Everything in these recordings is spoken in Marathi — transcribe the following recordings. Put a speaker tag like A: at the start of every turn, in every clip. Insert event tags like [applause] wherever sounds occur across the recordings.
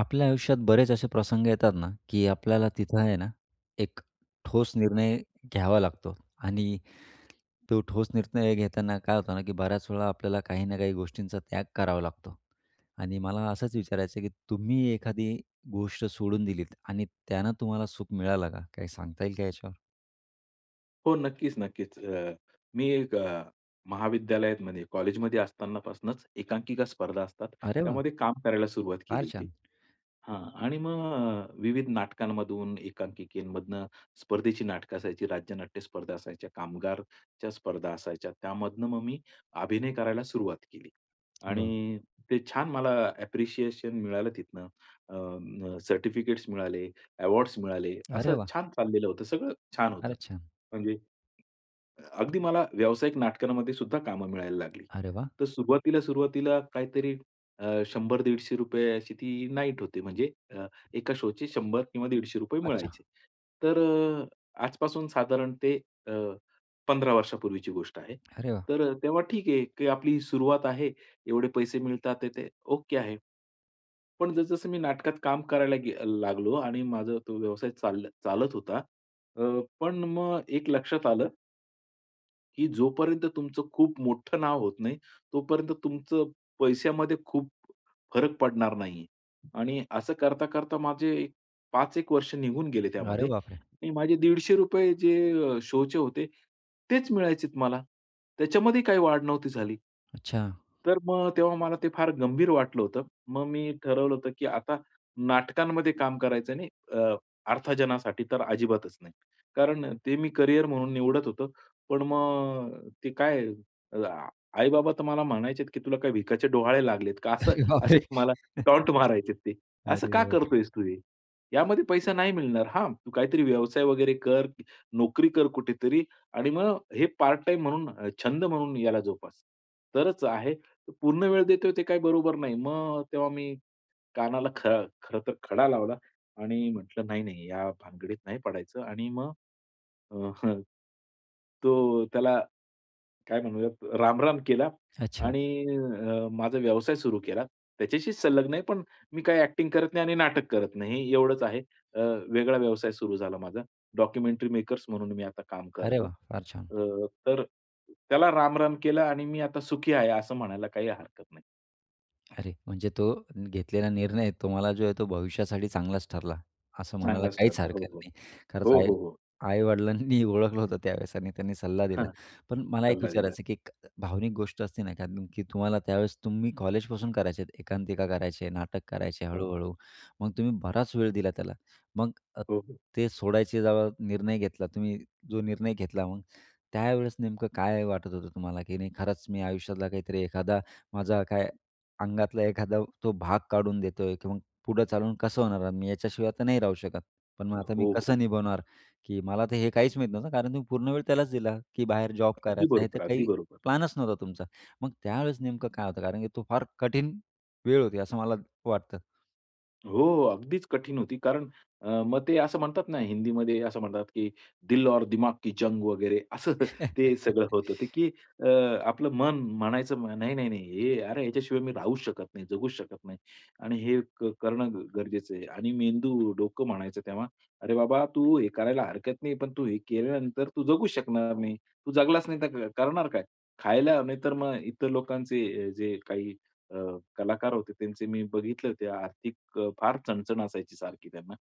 A: आपल्या आयुष्यात बरेच असे प्रसंग येतात ना, की आपल्याला तिथं आहे ना, एक ठोस निर्णय घ्यावा लागतो. आणि तो ठोस निर्णय घेताना काय होतं ना की बऱ्याच वेळा आपल्याला काही ना काही गोष्टींचा त्याग करावा लागतो आणि मला असंच विचारायचं आहे, की तुम्ही एखादी गोष्ट सोडून दिलीत आणि त्यानं तुम्हाला सुख मिळालं का? काही सांगता येईल का याच्यावर?
B: हो, नक्कीच, नक्कीच. अ, मी एक अ, महाविद्यालयातमध्ये कॉलेजमध्ये असतानापासनंच एकांकिका स्पर्धा असतात.
A: अरे वाह!
B: त्यामध्ये काम करायला सुरुवात केली
A: फार
B: होती.
A: छान.
B: हां आणि मग अ, विविध नाटकांमधून, एकांकिकेमधनं, स्पर्धेची नाटकं असायची, राज्यनाट्य स्पर्धा असायच्या, कामगारच्या स्पर्धा असायच्या. त्यामधनं मग मी अभिनय करायला सुरुवात केली.
A: वाह!
B: आणि ते छान मला ॲप्रिशिएशन मिळालं तिथनं. अ, म, सर्टिफिकेट्स मिळाले, अवॉर्ड्स मिळाले.
A: अरे
B: असं
A: वाह!
B: छान चाललेलं होतं सगळं, छान होतं.
A: फारच छान.
B: म्हणजे अ, अगदी मला व्यावसायिक नाटकांमध्ये सुद्धा कामं मिळायला लागली.
A: अरे वाह!
B: तर सुरुवातीला, सुरुवातीला काहीतरी अ, ₹100-150 अशी ती नाईट होती, म्हणजे अ, 1 का शोचे 100 किंवा ₹150
A: अच्छा.
B: मिळायचे. तर अ, आजपासून साधारण ते अ, 15 वर्षांपूर्वीची गोष्ट आहे.
A: अरे वाह!
B: तर अ, तेव्हा ठीक आहे, की आपली सुरुवात आहे एवढे पैसे मिळतात आहेत ते ओके आहे. पण जसं-जसं मी नाटकात काम करायला गे अ, लागलो आणि माझा तो व्यवसाय चाल चालत होता. अ, पण मग एक लक्षात आलं. की जोपर्यंत तुमचं खूप मोठं नाव होत नाही, तोपर्यंत तुमचं पैश्यामध्ये खूप फरक पडणार नाही आहे आणि असं करता-करता माझे 5 एक वर्ष निघून गेले
A: अरे
B: त्यामध्ये,
A: बापरे!
B: आणि माझे ₹150 जे शो चे होते तेच मिळायचेत मला. त्याच्यामध्ये काही वाढ नव्हती झाली.
A: अच्छा.
B: तर मग तेव्हा मला ते फार गंभीर वाटलं होतं, मग मी ठरवलं होतं, की आता नाटकांमध्ये काम करायचं नाही अ, अर्थाजनासाठी तर अजिबातच नाही. कारण ते मी करियर म्हणून निवडत होतो पण मग ते काय अ, आई-बाबा तर मला म्हणायचे, की "तुला काही भिकाचे डोहाळे लागलेत का?" असं
A: अरे
B: असे
A: बापरे!
B: मला
A: [chuckles]
B: टॉन्‍ट मारायचेत ते. "असं
A: अरे
B: का
A: बापरे!
B: करतोयेस तू हे? यामध्ये पैसा नाही मिळणार. हां, तू काहीतरी व्यवसाय वगैरे कर, नोकरी कर, कुठेतरी आणि मग हे पार्ट टाईम म्हणून अ, छंद म्हणून याला जोपास. तरच आहे पूर्ण वेळ देतोय ते काही बरोबर नाही." मग तेव्हा मी कानाला ख खरं तर खडा लावला आणि म्हटलं, "नाही-नाही या भानगडीत नाही पडायचं" आणि मग अ, [chuckles] तो त्याला काय म्हणूयात, रामराम केला
A: अच्छा.
B: आणि अ, माझा व्यवसाय सुरू केला, त्याच्याशी संलग्न आहे पण मी काय एक्टिंग करत नाही आणि नाटक करत नाही एवढंच आहे, अ, वेगळा व्यवसाय सुरू झाला माझा डॉक्युमेंटरी मेकर्स म्हणून मी आता काम
A: अरे
B: करतो.
A: वाह! फार छान.
B: अ, तर त्याला रामराम केला आणि मी आता सुखी आहे, असं म्हणायला काही हरकत नाही.
A: अरे म्हणजे तो घेतलेला निर्णय तुम्हाला जो आहे तो भविष्यासाठी चांगलाच ठरला असं म्हणायला
B: चांगलाच
A: काहीच
B: ठरला. हो,
A: हरकत
B: हो.
A: नाही. खरंच
B: हो,
A: आई
B: हो, हो.
A: आई-वडिलांनी ओळखलं होतं त्यावेळेस आणि त्यांनी सल्ला दिला.
B: हां,
A: पण मला एक
B: सल्ला दिला.
A: विचारायचं, की एक भावनिक गोष्ट असते ना, कारण की तुम्हाला त्यावेळेस तुम्ही कॉलेजपासून करायचे आहेत एकांकिका करायचे, नाटक करायचे,
B: हां.
A: हळू-हळू मग तुम्ही बराच वेळ दिला त्याला. मग अ,
B: हो, हो.
A: ते सोडायचे जेव्हा निर्णय घेतला, तुम्ही जो निर्णय घेतला मग त्यावेळेस नेमकं काय वाटत होतं तुम्हाला? की नाही खरंच मी आयुष्यातला काहीतरी एखादा माझा काय अंगातला एखादा तो भाग काढून देतोय, की मग पुढं चालवून कसं होणार? मी याच्याशिवाय आता नाही राहू शकत. पण मग आता मी
B: हो, हो.
A: कसं निभावणार? की मला तर हे काहीच माहीत नव्हतं. कारण तुम्ही पूर्ण वेळ त्यालाच दिला, की बाहेर जॉब
B: अगदी
A: करायचा आहे हे तर
B: बरोबर, अगदी
A: काही
B: बरोबर.
A: प्लॅनच नव्हता तुमचा. मग त्यावेळेस नेमकं काय होतं कारण की तो फार कठीण वेळ होती असं मला वाटतं.
B: हो, हो, अगदीच कठीण होती. कारण अ, मग ते असं म्हणतात ना हिंदीमध्ये असं म्हणतात, की दिल और दिमाग की जंग वगैरे असं [chuckles] ते सगळं
A: [chuckles]
B: होतं, की अ, आपलं मन म्हणायचं, नाही, नाही, नाही अरे याच्याशिवाय मी राहूच शकत नाही, जगूच शकत नाही आणि हे क करणं गरजेचं आहे आणि मेंदू, डोकं म्हणायचं तेव्हा, "अरे बाबा तू हे करायला हरकत नाही, पण तू हे केल्यानंतर तू जगू शकणार नाही. तू जगलाचं नाही तर क करणार काय?" खायला नाहीतर मग इतर लोकांचे जे काही अ, कलाकार होते त्यांचे मी बघितलं, ते आर्थिक फार चणचण असायची सारखी त्यांना.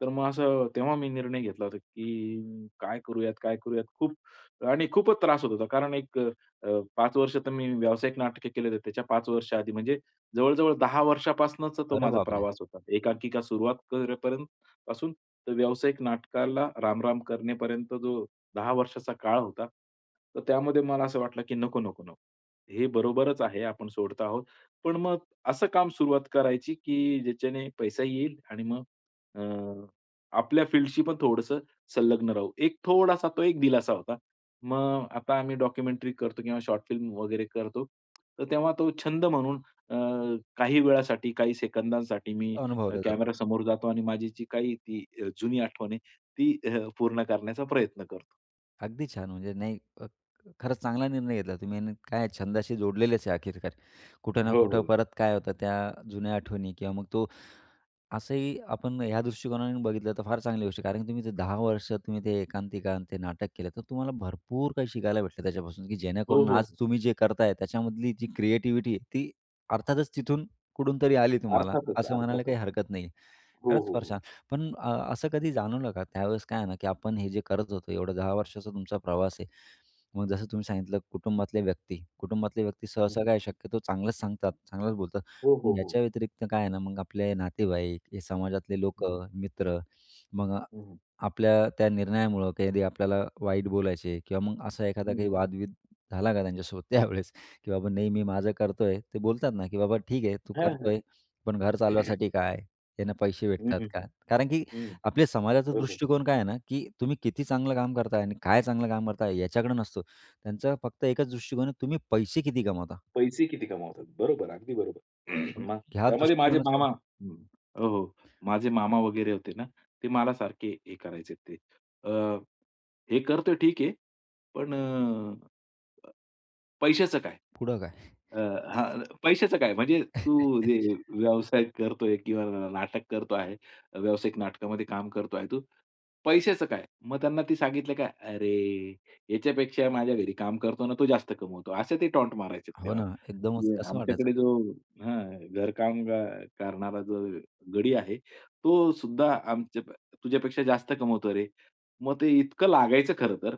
B: तर मग असं, तेव्हा मी निर्णय घेतला होता, की काय करूयात? काय करूयात? खूप आणि खूपच त्रास होत होता. कारण एक अ, 5 वर्ष तर मी व्यावसायिक नाटक केले, त्याच्या 5 वर्षाआधी म्हणजे जवळजवळ 10 वर्षापासनच तो
A: अरे
B: माझा
A: बापरे!
B: प्रवास होता. एकांकिका सुरुवात करेपर्यंत पासून तर व्यावसायिक नाटकाला रामराम करणेपर्यंत जो 10 वर्षाचा काळ होता, तर त्यामध्ये मला असं वाटलं, की नको, नको, नको हे बरोबरच आहे, आपण सोडत आहोत. पण मग असं काम सुरुवात करायची, की ज्याच्याने पैसा येईल आणि मग अ, आपल्या फील्डशी पण थोडंसं संलग्न राहू, एक थोडासा तो एक दिलासा होता. मग आता आम्ही डॉक्युमेंटरी करतो किंवा शॉर्ट फिल्म वगैरे करतो, तर तेव्हा तो छंद म्हणून अ, काही वेळासाठी, काही सेकंदांसाठी, मी अ,
A: अनुभवलं जातं.
B: कॅमेरा समोर जातो आणि माझी जी काही ती अ, जुनी आठवण आहे ती हं पूर्ण करण्याचा प्रयत्न करतो.
A: अगदी छान. म्हणजे नाही अ, खरंच चांगला निर्णय घेतला तुम्ही आणि काय छंदाशी जोडलेलेच आहे आखिरकार. कुठं ना
B: हो,
A: कुठं
B: हो.
A: परत काय होतं त्या जुन्या आठवणी किंवा मग तो असंही आपण ह्या दृष्टिकोनाने बघितलं तर फार चांगली गोष्ट आहे, कारण की तुम्ही जर 10 वर्ष तुम्ही ते एकांकिका आणि ते नाटक केलं तर तुम्हाला भरपूर काही शिकायला भेटलं त्याच्यापासून, की
B: हो,
A: जेणेकरून आज
B: हो.
A: तुम्ही जे करताय त्याच्यामधली जी क्रिएटिव्हिटी आहे, ती अर्थातच तिथून कुठून तरी आली तुम्हाला
B: अर्थातच,
A: असं म्हणायला
B: अर्थातच.
A: काही हरकत नाही आहे.
B: हो,
A: खरंच
B: हो,
A: फार
B: हो.
A: छान. पण अ, असं कधी जाणवलं का त्यावेळेस काय आहे ना की आपण हे जे करत होतो एवढं 10 वर्षाचा तुमचा प्रवास आहे, मग जसं तुम्ही सांगितलं कुटुंबातल्या व्यक्ती कुटुंबातले व्यक्ती सहसा काय आहे
B: हं.
A: शक्यतो चांगलंच सांगतात, चांगलंच बोलतात
B: हो, हो, हो.
A: याच्या व्यतिरिक्त काय आहे ना मग, आपले नातेवाईक हे समाजातले
B: हं.
A: लोकं, मित्र मग
B: हं, हं.
A: आपल्या त्या निर्णयामुळं कधी आपल्याला वाईट बोलायचे किंवा मग असा एखादा
B: हं,
A: काही
B: हं.
A: वाद-बिद झाला का त्यांच्यासोबत
B: हं.
A: त्यावेळेस की बाबा नेहमी माझं करतोय ते बोलतात ना की "बाबा ठीक आहे, तू
B: हां, हां.
A: करतोय, पण घर
B: [clears throat]
A: चालवायसाठी काय? त्यानं पैसे
B: हं,
A: भेटतात का?"
B: हं.
A: कारण की
B: हं.
A: आपल्या समाजाचा
B: हो, हो.
A: दृष्टिकोन काय आहे ना की तुम्ही किती चांगलं काम करताय आणि काय चांगलं काम करताय याच्याकडं नसतो, त्यांचं फक्त एकच दृष्टिकोन आहे तुम्ही पैसे किती कमवता?
B: पैसे किती कमावतात. बरोबर, अगदी बरोबर. [clears throat]
A: मग
B: मग
A: ह्या
B: त्यामध्ये माझे
A: दृष्टिकोनाचा
B: मामा हं. हो, हो, माझे मामा वगैरे होते ना, ते मला सारखे हे करायचे ते, अ, "हे करतो ठीक आहे, पण पैशाचं काय?
A: पुढं काय?
B: अ, हां, पैशाचं काय म्हणजे तू जे
A: [chuckles]
B: व्यावसायिक करतोय किंवा नाटक करतो आहे. व्यावसायिक नाटकामध्ये काम करतो आहे तू, पैशाचं काय?" मग त्यांना ते सांगितलं का "अरे याच्यापेक्षा माझ्या घरी काम करतो ना, तो जास्त कमवतो," असे ते टॉन्ट मारायचे
A: हो
B: तेव्हा.
A: ना, एकदमच कसं वाटायचं.
B: आमच्याकडे जो हां, घरकाम करणारा जो गडी आहे, तो सुद्धा आमच्या तुझ्यापेक्षा जास्त कमवतो रे. मग ते इतकं लागायचं खरंतर.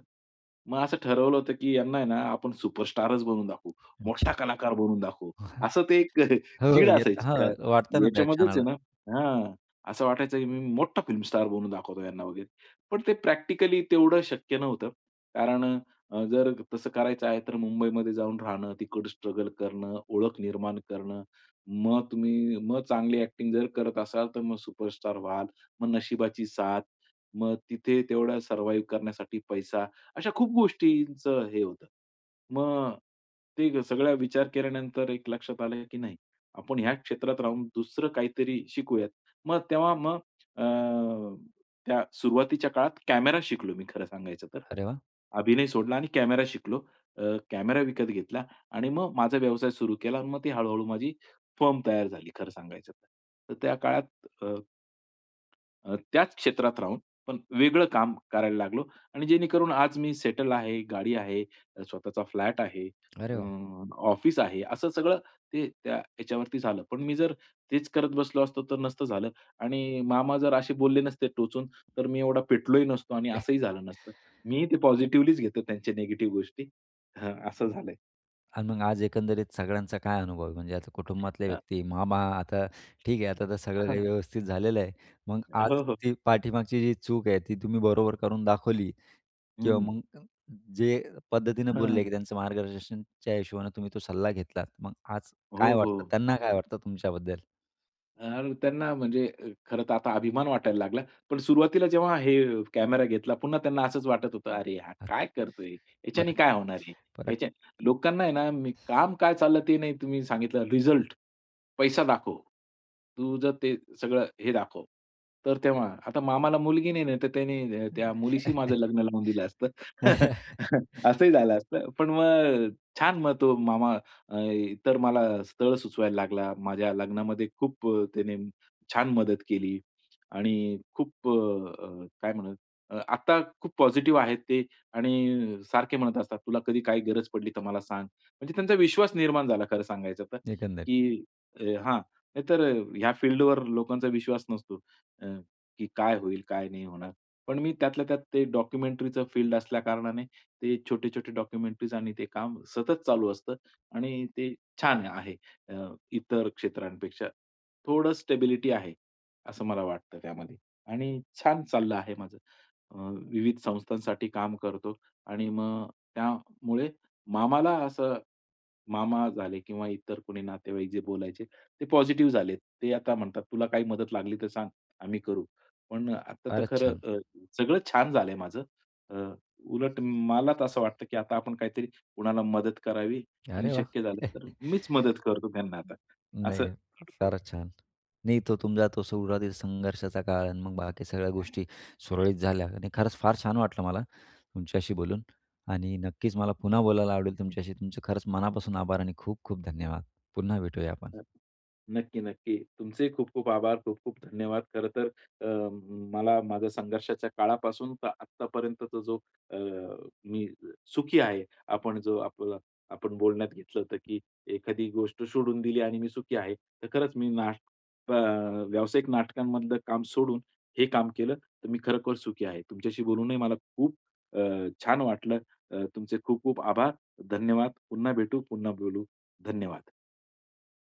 B: मग असं ठरवलं होतं की यांना आहे ना आपण सुपरस्टार बनून दाखवू, मोठा
A: अच्छा.
B: कलाकार बनून दाखवू
A: [chuckles]
B: असं ते एक [chuckles]
A: हो, हो,
B: चीड
A: येतं
B: असायची.
A: हां, वाटतं ना त्या
B: याच्यामध्येच आहे
A: क्षणाला.
B: ना हां, असं वाटायचं की मी मोठा फिल्म स्टार बनून दाखवतो यांना वगैरे पण ते प्रॅक्टिकली तेवढं शक्य नव्हतं कारण, जर तसं करायचं आहे तर मुंबईमध्ये जाऊन राहणं तिकडं स्ट्रगल करणं, ओळख निर्माण करणं मग तुम्ही मग चांगली ॲक्टिंग जर करत असाल तर मग सुपरस्टार व्हाल मग नशिबाची साथ मग तिथे तेवढा सर्व्हायव्ह करण्यासाठी पैसा अशा खूप गोष्टींचं हे होतं. मग ते सगळा विचार केल्यानंतर एक लक्षात आलं की नाही आपण ह्या क्षेत्रात राहून दुसरं काहीतरी शिकूयात मग तेव्हा मग अ, त्या सुरुवातीच्या काळात कॅमेरा शिकलो मी खरं सांगायचं तर.
A: अरे वाह!
B: अभिनय सोडला आणि कॅमेरा शिकलो. अ, कॅमेरा विकत घेतला आणि मग माझा व्यवसाय सुरू केला आणि मग ती हळू-हळू माझी फर्म तयार झाली खरं सांगायचं तर. त्या काळात अ, अ, त्याच क्षेत्रात राहून पण वेगळं काम करायला लागलो आणि जेणेकरून आज मी सेटल आहे गाडी आहे, स्वतःचा फ्लॅट आहे
A: अरे
B: अ,
A: वाह!
B: ऑफिस आहे असं सगळं ते त्या ह्याच्यावरती झालं. पण मी जर तेच करत बसलो असतो, तर नसतं झालं आणि मामा जर असे बोलले नसते टोचून तर मी एवढा पेटलोही नसतो आणि असंही
A: [snorts]
B: झालं नसतं. मी ते पॉझिटिव्हलीच घेतो त्यांचे निगेटिव्ह गोष्टी हां, असं झालंय.
A: आणि मग आज एकंदरीत सगळ्यांचा काय अनुभव आहे, म्हणजे आता कुटुंबातल्या
B: हां.
A: व्यक्ती, मामा आता ठीक आहे आता तर सगळं काही
B: हां.
A: व्यवस्थित झालेलं आहे. मग
B: अ, हो,
A: आज
B: हो.
A: ती पाठीमागची जी चूक आहे, ती तुम्ही बरोबर करून दाखवली किंवा
B: हं.
A: मग जे पद्धतीनं
B: हां,
A: बोलले, की
B: हां.
A: त्यांचं मार्गदर्शनच्या हिशोबाने तुम्ही तो सल्ला घेतलात. मग आज काय
B: हो, हो,
A: वाटतं, त्यांना काय
B: हं.
A: वाटतं तुमच्याबद्दल?
B: यार त्यांना म्हणजे खरंतर आता अभिमान वाटायला लागला, पण सुरुवातीला जेव्हा हे कॅमेरा घेतला पुन्हा त्यांना असंच वाटत होतं,
A: हं,
B: "अरे, हा काय करतोय,
A: परत
B: याच्याने काय होणार आहे,
A: परत
B: याच्याने" लोकांना आहे ना, काम काय चाललं ते नाही तुम्ही सांगितलं रिझल्ट, पैसा दाखव. तू जर ते सगळं हे दाखव तर तेव्हा, आता मामाला मुलगी नाही आहे, नाहीतर त्याने
A: हं.
B: त्या मुलीशी माझं लग्न लावून दिलं असतं.
A: [chuckles]
B: [chuckles] असंही झालं असतं. पण मग अ, छान मग तो मामा अ, इतर मला स्थळ सुचवायला लागला. माझ्या लग्नामध्ये खूप अ, त्याने छान मदत केली. आणि खूप अ, अ, काय म्हणूयात आता खूप पॉझिटिव्ह आहेत ते आणि सारखे म्हणत असतात, "तुला कधी काही गरज पडली, तर मला सांग." म्हणजे त्यांचा विश्वास निर्माण झाला खरं सांगायचं तर,
A: एकंदरीत.
B: की हां, नाहीतर ह्या फील्डवर लोकांचा विश्वास नसतो, अ, की काय होईल? काय नाही होणार? पण मी त्यातल्या त्यात ते डॉक्युमेंटरीचं फील्ड असल्या कारणाने ते छोटे-छोटे डॉक्युमेंटरीज आणि ते काम सतत चालू असतं आणि ते छान आहे, अ, इतर क्षेत्रांपेक्षा. थोडं स्टेबिलिटी आहे, असं मला वाटतं त्यामध्ये. आणि छान चाललं आहे माझं. अ, विविध संस्थांसाठी काम करतो आणि मग अ, त्यामुळे मामाला असं मामा झाले किंवा इतर कोणी नातेवाईक जे बोलायचे, ते पॉझिटिव्ह झालेत. ते आता म्हणतात, "तुला काही मदत लागली तर सांग, आम्ही करू." पण आता तर
A: फारच
B: खरं
A: छान.
B: अ, सगळं छान झालंय माझं अ, उलट मला तर असं वाटतं, की आता आपण काहीतरी कुणाला मदत करावी आणि
A: अरे वाह!
B: शक्य झालं तर
A: [chuckles]
B: मीच मदत करतो त्यांना आता
A: हं.
B: असं.
A: नाही, फारच छान. नाही, तो तुमचा तो सुरुवातीचा संघर्षाचा काळ आहे, मग बाकी सगळ्या गोष्टी सुरळीत झाल्या आणि खरंच फार छान वाटलं मला तुमच्याशी बोलून आणि नक्कीच मला पुन्हा बोलायला आवडेल तुमच्याशी. तुमचे खरंच मनापासून आभार आणि खूप-खूप धन्यवाद. पुन्हा भेटूया आपण.
B: हां, नक्की, नक्की. तुमचेही खूप-खूप आभार. खूप-खूप धन्यवाद खरंतर मला अ, माझ्या संघर्षाच्या काळापासून तर आत्तापर्यंतचा जो मी अ, सुखी आहे. आपण जो आपला आपण बोलण्यात घेतलं होतं, की एखादी गोष्ट सोडून दिली आणि मी सुखी आहे तर खरंच मी नाटक अ, व्यावसायिक नाटकांमधलं काम सोडून, हे काम केलं तर मी खरोखर सुखी आहे. तुमच्याशी बोलूनही मला खूप अ, छान वाटलं. अ, तुमचे खूप-खूप आभार धन्यवाद. पुन्हा भेटू, पुन्हा बोलू, धन्यवाद.